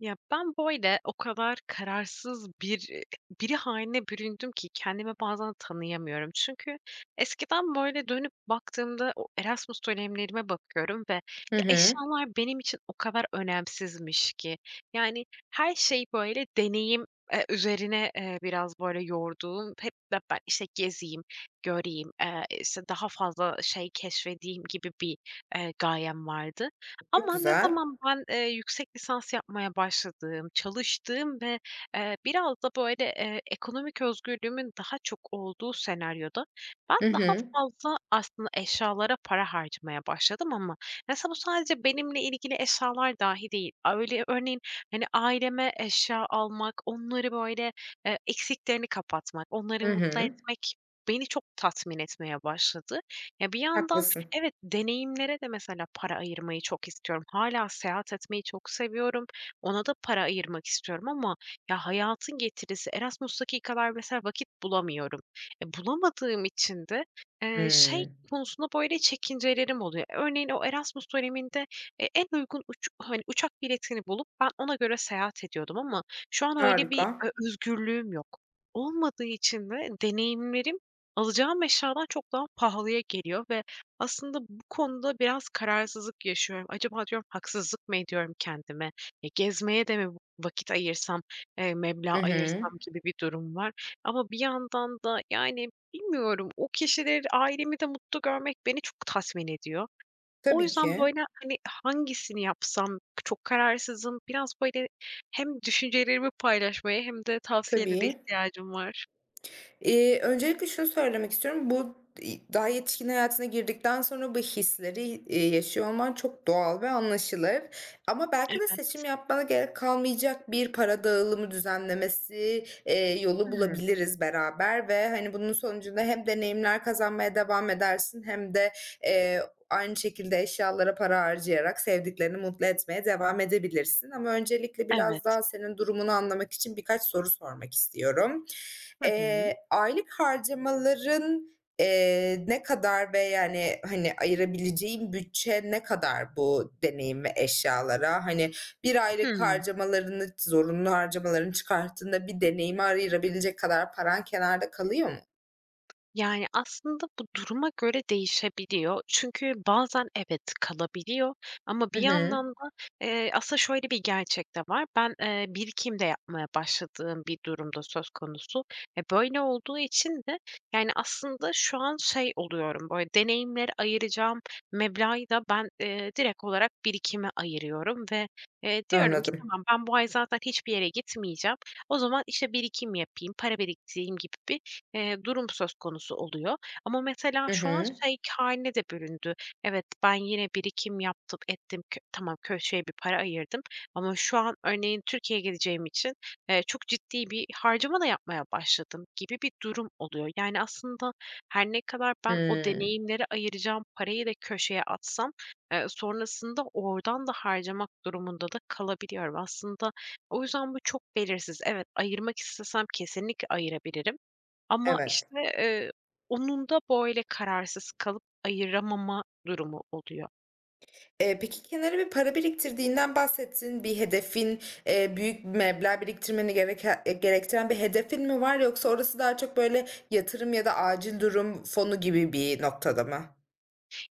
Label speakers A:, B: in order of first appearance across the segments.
A: Ya, ben, böyle, o kadar kararsız bir iii, biri hâline büründüm ki kendimi bazen tanıyamıyorum. Çünkü eskiden, böyle, dönüp baktığımda o Erasmus dönemlerime bakıyorum ve
B: Hı
A: ya,
B: hı.
A: eşyalar benim için o kadar önemsizmiş ki. Yani, her şey, böyle, deneyim, eee, üzerine, eee, biraz, böyle, yorduğum hep be ben, işte, gezeyim, göreyim, eee, işte, daha fazla şey keşfedeyim gibi bir, eee, gayem vardı.
B: Çok
A: Ama ne
B: güzel.
A: zaman ben, eee, yüksek lisans yapmaya başladığım, çalıştığım ve, eee, biraz da, böyle, eee, ekonomik özgürlüğümün daha çok olduğu senaryoda; ben
B: Hı
A: daha
B: hı.
A: fazla aslında eşyalara para harcamaya başladım ama mesela bu sadece benimle ilgili eşyalar dahi değil. Aaa, öyle örneğin, hani, aileme eşya almak onları, böyle, eee, eksikliklerini kapatmak, onları
B: Hı
A: mutlu
B: hı.
A: etmek beni çok tatmin etmeye başladı. Ya, bir yandan
B: Haklısın.
A: evet, deneyimlere de mesela para ayırmayı çok istiyorum. Hâlâ seyahat etmeyi çok seviyorum. Ona da para ayırmak istiyorum ama ya, hayatın getirisi Erasmus'taki kadar mesela vakit bulamıyorum. E, bulamadığım için de eee, şey
B: Hıı.
A: konusunda böyle çekincelerim oluyor. Örneğin o Erasmus döneminde e en uygun uçuk hani, uçak biletini bulup ben ona göre seyahat ediyordum ama şu an öyle bir
B: Harika.
A: ö özgürlüğüm yok. Olmadığı için de deneyimlerim, alacağım eşyadan çok daha pahalıya geliyor ve aslında bu konuda biraz kararsızlık yaşıyorum. Acaba diyorum, haksızlık mı ediyorum kendime? E, gezmeye de mi vı vakit ayırsam, eee, meblağ
B: Hı hı.
A: ayırsam? Gibi bir durum var ama bir yandan da, yani, bilmiyorum. O kişileri, ailemi de mutlu görmek beni çok tatmin ediyor. O
B: Tabii
A: yüzden,
B: ki.
A: böyle, hani, hangisini yapsam çok kararsızım. Biraz, böyle, hem düşüncelerimi paylaşmaya hem de tavsiyelere
B: Tabii.
A: ihtiyacım var.
B: İii, öncelikle şunu söylemek istiyorum, bu i daha yetişkin hayatına girdikten sonra bu hisleri, iii, yaşıyor olman çok doğal ve anlaşılır ama belki de
A: Evet.
B: seçim yapmana gerek kalmayacak bir para dağılımı düzenlemesi, eee, yolu
A: Hıı.
B: bulabiliriz beraber ve, hani, bunun sonucunda hem deneyimler kazanmaya devam edersin hem de, eee, aynı şekilde eşyalara para harcayarak sevdiklerini mutlu etmeye devam edebilirsin. Ama öncelikle biraz
A: Evet.
B: daha senin durumunu anlamak için birkaç soru sormak istiyorum.
A: Hı
B: Eee,
A: hı.
B: aylık harcamaların, eee, ne kadar ve, yani, hani, ayırabileceğin bütçe ne kadar bu deneyim ve eşyalara? Hani, bir
A: Hıı.
B: aylık harcamalarını, zorunlu harcamalarını çıkarttığında bir deneyimi ayırabilecek kadar paran kenarda kalıyor mu?
A: Yani, aslında bu duruma göre değişebiliyor. Çünkü bazen evet, kalabiliyor ama bir
B: Hı hı.
A: yandan da, eee Aslında şöyle bir gerçek de var. Ben, eee, birikim de yapmaya başladığım bir durum da söz konusu. E, böyle olduğu için de yani aslında şu an, şey, oluyorum, böyle, deneyimlere ayıracağım meblağı da ben, eee, direkt olarak birikime ayırıyorum ve, eee, diyorum ki:
B: Anladım.
A: "Tamam, ben bu ay zaten hiçbir yere gitmeyeceğim. O zaman, işte, birikim yapayım, para biriktireyim." gibi bir, eee, durum söz konusu oluyor ama mesela
B: Hı
A: şu an,
B: hı.
A: şey, k hâline de büründü. Evet, ben yine birikim yaptım, ettim kö tamam, köşeye bir para ayırdım ama şu an örneğin Türkiye'ye gideceğim için, eee, çok ciddi bir harcama da yapmaya başladım gibi bir durum oluyor. Yani aslında her ne kadar ben o
B: Hıı.
A: deneyimlere ayıracağım parayı da köşeye atsam, eee, sonrasında oradan da harcamak durumunda da kalabiliyorum aslında. O yüzden bu çok belirsiz. Evet, ayırmak istesem kesinlikle ayırabilirim ama,
B: Evet.
A: işte, eee, onun da böyle kararsız kalıp ayıramama durumu oluyor.
B: Eee, peki, kenara bir para biriktirdiğinden bahsettin. Bir hedefin, eee, büyük bir meblağ biriktirmeni gereke gerektiren bir hedefin mi var yoksa orası daha çok, böyle, yatırım ya da acil durum fonu gibi bir noktada mı?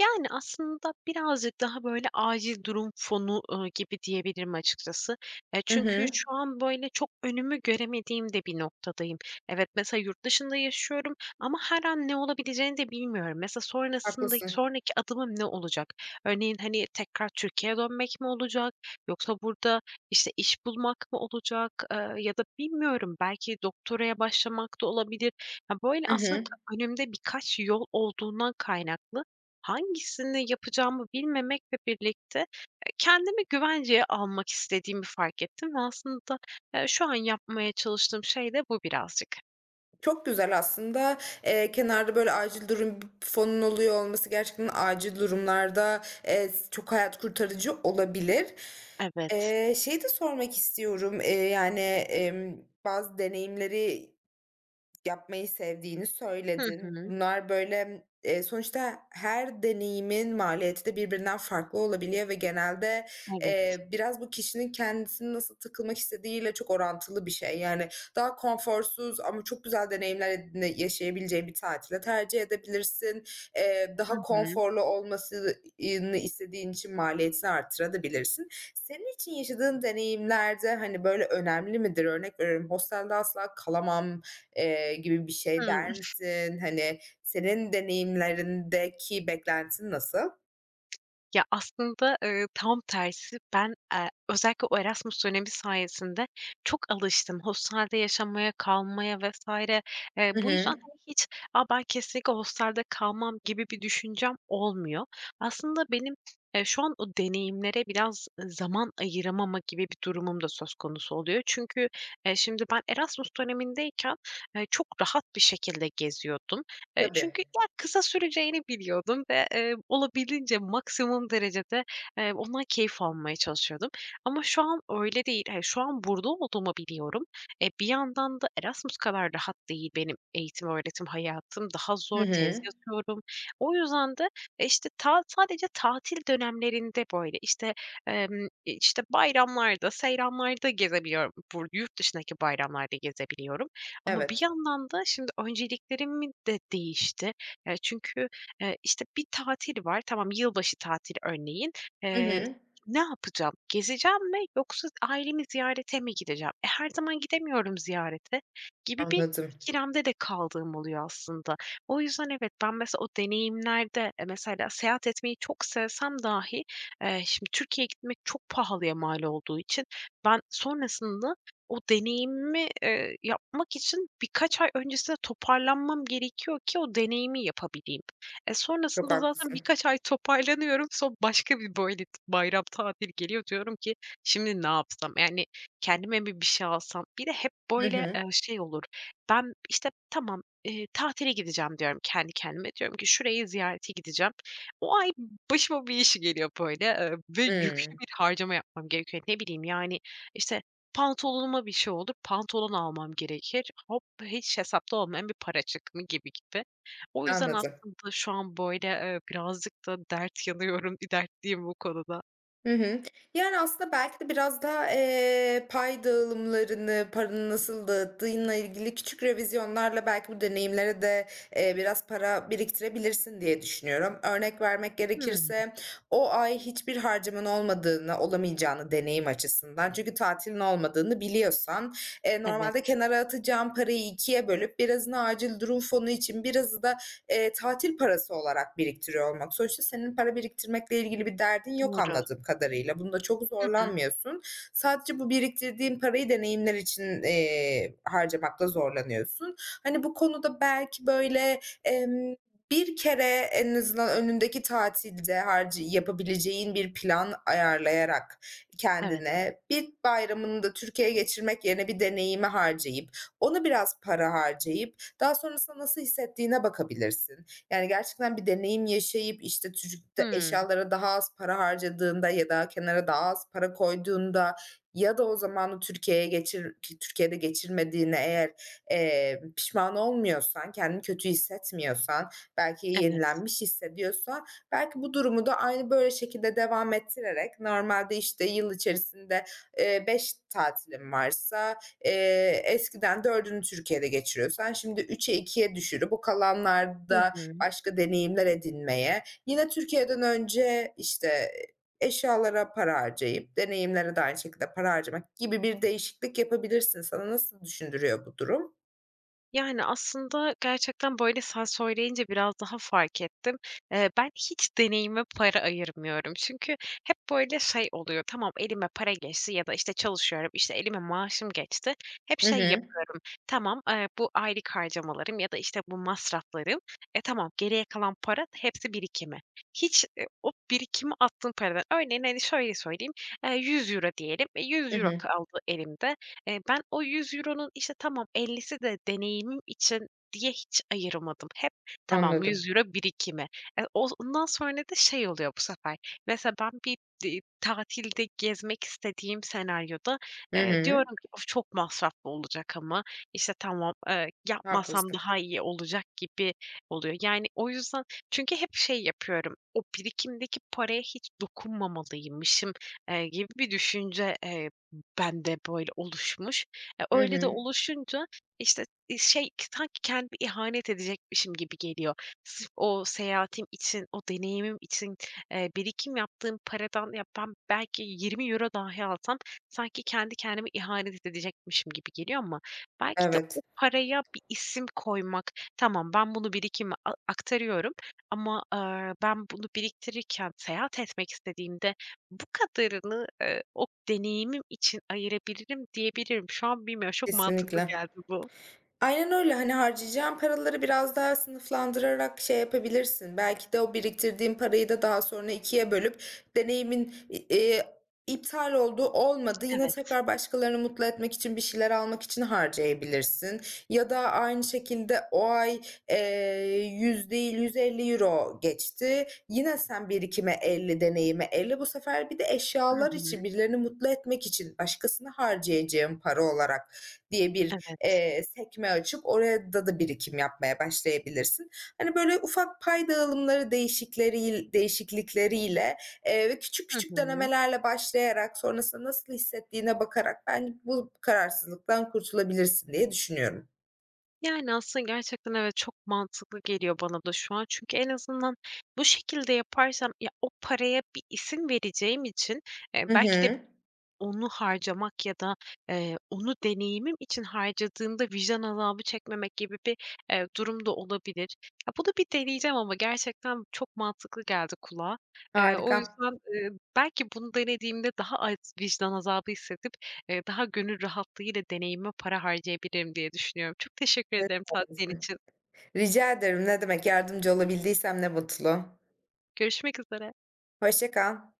A: Yani, aslında birazcık daha, böyle, acil durum fonu, ııı, gibi diyebilirim açıkçası. E,
B: Hı
A: çünkü
B: hı.
A: şu an, böyle, çok önümü göremediğim de bir noktadayım. Evet, mesela yurt dışında yaşıyorum ama her an ne olabileceğini de bilmiyorum. Mesela sonrasındak
B: Haklısın.
A: sonraki adımım ne olacak? Örneğin: Hani, tekrar Türkiye'ye dönmek mi olacak yoksa burada, işte, iş bulmak mı olacak? Iıı, ya da bilmiyorum belki doktoraya başlamak da olabilir. Ya, böyle,
B: Hı
A: aslında
B: hı.
A: önümde birkaç yol olduğundan kaynaklı hangisini yapacağımı bilmemekle birlikte kendimi güvenceye almak istediğimi fark ettim ve aslında, eee, şu an yapmaya çalıştığım şey de bu birazcık.
B: Çok güzel aslında, eee, kenarda, böyle, acil durum fonun oluyor olması gerçekten acil durumlarda, eee, s çok hayat kurtarıcı olabilir.
A: Evet.
B: Eee, şeyi de sormak istiyorum, eee, yani, emm, bazı deneyimleri yapmayı sevdiğini
A: Hı
B: söyledin.
A: hı.
B: Bunlar, böyle, e, sonuçta her deneyimin maliyeti de birbirinden farklı olabiliyor ve genelde,
A: Evet.
B: eee, biraz bu kişinin kendisini nasıl takılmak istediğiyle çok orantılı bir şey. Yani, daha konforsuz ama çok güzel deneyimler edine yaşayabileceğin bir tatil de tercih edebilirsin. Eee,
A: Hı
B: daha
A: hı.
B: konforlu olmasını istediğin için maliyetini arttırabilirsin de. Senin için yaşadığın deneyimler de, hani, böyle, önemli midir? Örnek veriyorum: Hostelde asla kalamam, eee, gibi bir şey
A: Hıı.
B: der misin? Hani, senin deneyimlerindeki beklentin nasıl?
A: Ya, aslında, ııı, tam tersi ben e özellikle o Erasmus dönemi sayesinde çok alıştım hostelde yaşamaya, kalmaya vs. Eee,
B: Hı
A: bu yüzden,
B: hı.
A: hani, hiç, "A, ben kesinlikle hostelde kalmam." gibi bir düşüncem olmuyor. Aslında benim ya şu an o deneyimlere biraz, ııı, zaman ayıramama gibi bir durumum da söz konusu oluyor. Çünkü, eee, şimdi ben Erasmus dönemindeyken, eee, çok rahat bir şekilde geziyordum. Eee,
B: Tabii.
A: çünkü ya kısa süreceğini biliyordum ve, eee, olabildiğince, maksimum derecede, eee, ondan keyif almaya çalışıyordum. Ama şu an öyle değil. Eee, şu an burada olduğumu biliyorum. E, bir yandan da Erasmus kadar rahat değil benim eğitim-öğretim hayatım. Daha
B: Hı
A: zor, tez
B: hı.
A: yatıyorum. O yüzden de, işte, ta sadece tatil dönemlerinde böyle, işte, emm, işte, bayramlarda, seyranlarda gezebiliyorum. Bur yurt dışındaki bayramlarda gezebiliyorum. Ama bir
B: Evet.
A: yandan da şimdi önceliklerimi de değişti. Ya, çünkü, eee, işte, bir tatil var. Tamam yılbaşı tatili örneğin,
B: Hı
A: eee
B: hı.
A: ne yapacağım, gezeceğim mi yoksa ailemi ziyarete mi gideceğim? E, her zaman gidemiyorum ziyarete gibi bir
B: Anladım.
A: ikilemde de kaldığım oluyor aslında. O yüzden evet, ben mesela o deneyimlerde mesela seyahat etmeyi çok sevsem dahi, eee, şimdi Türkiye'ye gitmek çok pahalıya mal olduğu için ben sonrasında o deneyimi, ııı, yapmak için birkaç ay öncesinde toparlanmam gerekiyor ki o deneyimi yapabileyim. E,
B: Çok
A: Sonrasında zaten
B: haklısın.
A: birkaç ay toparlanıyorum. Sonra başka bir, böyle, bayram tatili geliyor. Diyorum ki "Şimdi ne yapsam? Yani, kendime mi bir şey alsam?" Bir de hep
B: Hı
A: böyle,
B: hı.
A: eee, şey olur. Ben, işte, "Tamam, ııı, tatile gideceğim." diyorum kendi kendime, diyorum ki "Şurayı ziyarete gideceğim." O ay başıma bir iş geliyor, böyle, eee, ve yüklü
B: Hıı.
A: bir harcama yapmam gerekiyor. Ne bileyim, yani, işte, pantolonuma bir şey olur, pantolon almam gerekir. Hop, hiç hesapta olmayan bir para çık mı gibi gibi. O yüzden
B: Anladım.
A: aslında şu an böyle, eee, birazcık da dert yanıyorum, bir dertliyim bu konuda.
B: Hı hı. Yani, aslında belki de biraz daha, eee, pay dağılımlarını, paranı nasıl dağıttığınla ilgili küçük revizyonlarla belki bu deneyimlere de, eee, biraz para biriktirebilirsin diye düşünüyorum. Örnek vermek
A: Hıı.
B: gerekirse o ay hiçbir harcaman olmadığını, olamayacağını deneyim açısından, çünkü tatilin olmadığını biliyorsan, eee, normalde
A: Evet.
B: kenara atacağın parayı 2'ye bölüp birazını acil durum fonu için, birazı da, eee, tatil parası olarak biriktiriyor olmak. Sonuçta senin para biriktirmekle ilgili bir derdin yok
A: Doğru.
B: anladığım kadarıyla. Bunda çok
A: Hı hı.
B: zorlanmıyorsun. Sadece bu biriktirdiğin parayı deneyimler için, iii, harcamakta zorlanıyorsun. Hani, bu konuda belki böyle, emm, bir kere en azından önündeki tatilde harcı yapabileceğin bir plan ayarlayarak
A: Evet.
B: kendine bir bayramını da Türkiye'ye geçirmek yerine bir deneyime harcayıp, onu biraz para harcayıp daha sonrasında nasıl hissettiğine bakabilirsin. Yani, gerçekten bir deneyim yaşayıp, işte, türük de
A: Hıı.
B: eşyalara daha az para harcadığında ya da kenara daha az para koyduğunda ya da o zamanı Türkiye'ye geçir, ki Türkiye'de geçirmediğine eğer, eee, pişman olmuyorsan, kendini kötü hissetmiyorsan, belki
A: Evet.
B: yenilenmiş hissediyorsan belki bu durumu da aynı böyle şekilde devam ettirerek normalde, işte, yıl içerisinde, ııı, 5 tatilin varsa, eee, eskiden 4'ünü Türkiye'de geçiriyorsan şimdi 3'e, 2'ye düşürüp o
A: Hı
B: kalanlarda
A: hı.
B: başka deneyimler edinmeye yine Türkiye'den önce, işte, eee, eşyalara para harcayıp deneyimlere de aynı şekilde para harcamak gibi bir değişiklik yapabilirsin. Sana nasıl düşündürüyor bu durum?
A: Yani, aslında gerçekten, böyle, sen söyleyince biraz daha fark ettim. Eee, ben hiç deneyime para ayırmıyorum. Çünkü hep, böyle, şey oluyor. Tamam, elime para geçti ya da, işte, çalışıyorum, işte, elime maaşım geçti. Hep
B: Hı
A: şey
B: hı.
A: yapıyorum: Tamam, aaa, bu aylık harcamalarım ya da, işte, bu masraflarım, e, tamam, geriye kalan paranın hepsi birikime. Hiç, eee, o birikime attığım paradan örneğin, hani, şöyle söyleyeyim: €100 diyelim, e,
B: I
A: €100
B: hı.
A: kaldı elimde. Eee, ben o €100'nun işte, tamam, 50'si de deneyimim için diye hiç ayıramadım. Hep tamam, yüz
B: Anladım.
A: euro birikime. Eee, oz ondan sonra da şey oluyor bu sefer. Mesela ben bir di tatilde gezmek istediğim senaryoda,
B: Hı
A: eee,
B: hı.
A: diyorum ki: "Of! Çok masraflı olacak ama, işte, tamam, eee, yapmasam
B: Haklısın.
A: daha iyi olacak." gibi oluyor. Yani, o yüzden Çünkü hep şey yapıyorum. O birikimdeki paraya hiç dokunmamalıymışım, eee, gibi bir düşünce, eee, bende böyle oluşmuş. Eee,
B: Hı
A: öyle de
B: hı.
A: oluşunca, işte, iii, şey sanki kendime ihanet edecekmişim gibi geliyor. Sırf o seyahatim için o deneyimim için, eee, birikim yaptığım paradan ya, ben belki €20 dahi alsam sanki kendi kendime ihanet edecekmişim gibi geliyor. Ama belki de o
B: Evet.
A: paraya bir isim koymak, tamam, ben bunu birikime a aktarıyorum ama, ııı, ben bunu biriktirirken seyahat etmek istediğimde bu kadarını, ııı, o deneyimim için ayırabilirim diyebilirim. Şu an bilmiyorum. Şok mantıklı
B: Kesinlikle.
A: geldi bu.
B: Aynen öyle. Hani, harcayacağın paraları biraz daha sınıflandırarak şey yapabilirsin. Belki de o biriktirdiğin parayı da daha sonra 2'ye bölüp deneyimin, i eee, iptal oldu olmadı yine
A: Evet.
B: tekrar başkalarını mutlu etmek için bir şeyler almak için harcayabilirsin. Ya da aynı şekilde o ay, eee, 100 değil, €150 geçti. Yine sen birikime 50 deneyime 50 bu sefer bir de
A: Hı
B: eşyalar
A: hı.
B: için, birilerini mutlu etmek için başkasına harcayacağın para olarak diye bir,
A: Evet.
B: eee, sekme açıp orayada da birikim yapmaya başlayabilirsin. Hani, böyle ufak pay dağılımları değişikleri değişiklikleriyle, eee, ve küçük
A: Hı
B: küçük
A: hı.
B: denemelerle başlayarak sonrasında nasıl hissettiğine bakarak ben bu kararsızlıktan kurtulabilirsin diye düşünüyorum.
A: Yani, aslında gerçekten evet, çok mantıklı geliyor bana da şu an. Çünkü en azından bu şekilde yaparsam ya, o paraya bir isim vereceğim için, eee,
B: Hı
A: belki de
B: hı.
A: onu harcamak ya da, eee, onu deneyimim için harcadığımda vicdan azabı çekmemek gibi bir, eee, durum da olabilir. Ya, bunu bir deneyeceğim ama gerçekten çok mantıklı geldi kulağa. Eee, o
B: Harika.
A: yüzden, ııı, belki bunu denediğimde daha az vicdan azabı hissedip, eee, daha gönül rahatlığıyla deneyimime para harcayabilirim diye düşünüyorum. Çok teşekkür
B: Evet.
A: ederim tavsiyen
B: Haklısın.
A: için.
B: Rica ederim, ne demek. Yardımcı olabildiysem ne mutlu.
A: Görüşmek üzere.
B: Hoşça kal.